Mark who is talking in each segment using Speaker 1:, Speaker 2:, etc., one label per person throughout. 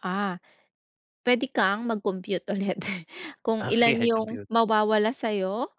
Speaker 1: Ah, puwede kang mag-compute ulit kung
Speaker 2: Okey
Speaker 1: ilan
Speaker 2: 'yan,
Speaker 1: yung
Speaker 2: compute.
Speaker 1: mawawala sa'yo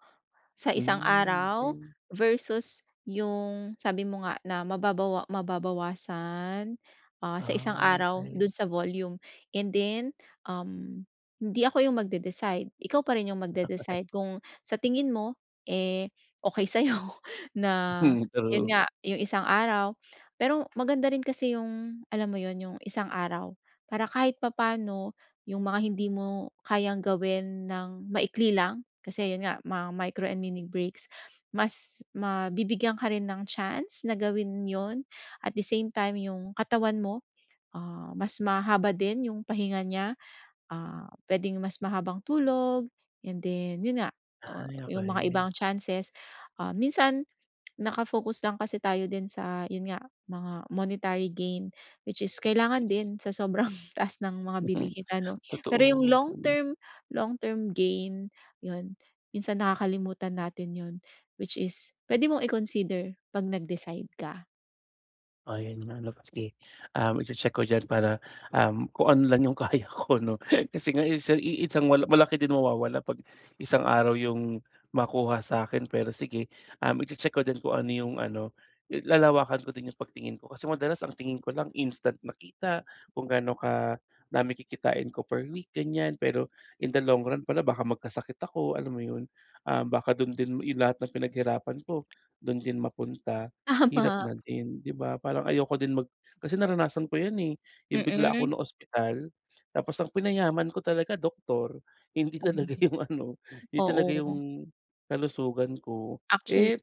Speaker 1: sa isang
Speaker 2: Hmm,
Speaker 1: araw
Speaker 2: okey.
Speaker 1: versus yung sabi mo nga na mababawa mababawasan, ah, sa isang
Speaker 2: Ah,
Speaker 1: araw
Speaker 2: okey.
Speaker 1: dun sa volume and then, um, hindi ako yung mag-de-decide ikaw pa rin yung mag-de-decide kung sa tingin mo, eh, okey sa'yo na
Speaker 2: Hmm,
Speaker 1: yun
Speaker 2: true.
Speaker 1: nga yung isang araw. Pero maganda rin kasi yung alam mo 'yon yung isang araw, para kahit papano yung mga hindi mo kayang gawin ng maikli lang kasi 'yon nga mga micro and mini breaks mas mabibigyan ka rin ng chance na gawin 'yon at the same time yung katawan mo, ah, mas mahaba din yung pahinga niya. Ah, puwedeng mas mahabang tulog 'yon din, 'yon nga, ah,
Speaker 2: Ay,
Speaker 1: yung mga
Speaker 2: okey.
Speaker 1: ibang chances, ah, minsan, naka-focus lang kasi tayo din sa 'yon nga mga monetary gain, which is kailangan
Speaker 2: Mm.
Speaker 1: din sa sobrang taas ng mga
Speaker 2: Hmm,
Speaker 1: bilihin ano. Pero yung
Speaker 2: totoo,
Speaker 1: long
Speaker 2: hmm.
Speaker 1: term, long term gain, 'yon minsan nakakalimutan natin 'yon, which is puwede mong i-consider pag nag-decide ka.
Speaker 2: Ayan nga 'no, sige, um, i-che-check ko niyan para, um, kung ano lang yung kaya ko 'no, kasi nga iisa iisang mal malaki din mawawala 'pag isang araw 'yong makuha sa akin, pero sige, um, i-che-check ko din kung ano 'yong ano lalawakan ko din 'yong pagtingin ko. Kasi madalas ang tingin ko lang instant nakita, kung gaano kadami kikitain ko per week gan'yan. Pero in the long run pala baka magkasakit ako alam mo 'yon, ah, baka dun din yung lahat ng pinaghirapan ko dun din mapunta. Hirap
Speaker 1: Tama.
Speaker 2: na din, 'di ba parang ayoko din mag kasi naranasan ko 'yan, eh, yung bigla ako
Speaker 1: Mm.
Speaker 2: naospital tapos ang pinayaman ko talaga doktor, hindi
Speaker 1: Mm,
Speaker 2: talaga yung ano hindi talaga
Speaker 1: oo.
Speaker 2: yung kalusugan ko,
Speaker 1: Actually,
Speaker 2: eh,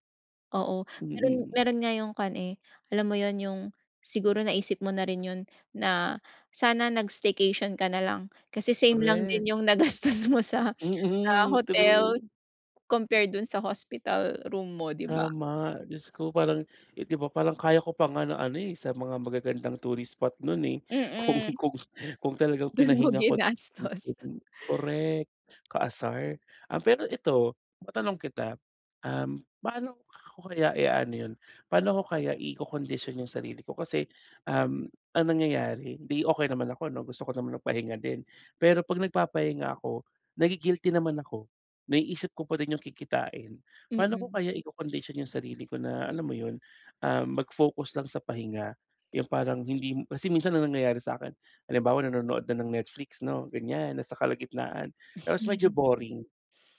Speaker 1: oo meron,
Speaker 2: mm.
Speaker 1: meron nga yung kwan, eh, alam mo 'yon yung siguro naisip mo na rin 'yon na sana nag-staycation ka nalang kasi same lang
Speaker 2: Correct.
Speaker 1: din yung nagastos mo sa sa
Speaker 2: Mm,
Speaker 1: hotel,
Speaker 2: true.
Speaker 1: compared dun sa hospital room mo, 'di ba.
Speaker 2: Tama, Diyos ko parang, eh, 'di ba parang kaya ko pa nga ng ano, eh, sa mga magagandang tourist spot nun, eh, kung,
Speaker 1: Mm.
Speaker 2: kung, kung talagang
Speaker 1: Dun mo
Speaker 2: pinahinga ko
Speaker 1: ginastos.
Speaker 2: [unintelligible] correct, kaasar. Ah, pero ito matanong kita, paano ko kaya i-aano 'yon, paano ako kaya ikokondisyon yung sarili ko kasi, um, ang nangyayari di okey naman ako 'no, gusto ko naman ng pahinga din. Pero 'pag nagpapahinga ako nagi-guilty naman ako. Naiisip ko pa din 'yong kikitain, paano ko
Speaker 1: Mm.
Speaker 2: kaya ikokondisyon 'yong sarili ko na alam mo 'yon, ah, mag-focus lang sa pahinga. Yung parang hindi, kasi minsan ang nangyayari sa akin halimbawa nanonood na ng Netflix 'no gan'yan na sa kalagitnaan tapos medyo boring.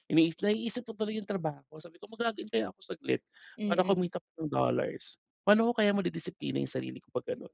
Speaker 2: Ini naiisip ko tuloy yung trabaho sabi ko mag-log in kaya ako saglit para
Speaker 1: Mm.
Speaker 2: kumita pa ng dollars. Pa'no ko kaya madidisiplina yung sarili ko 'pag gano'n?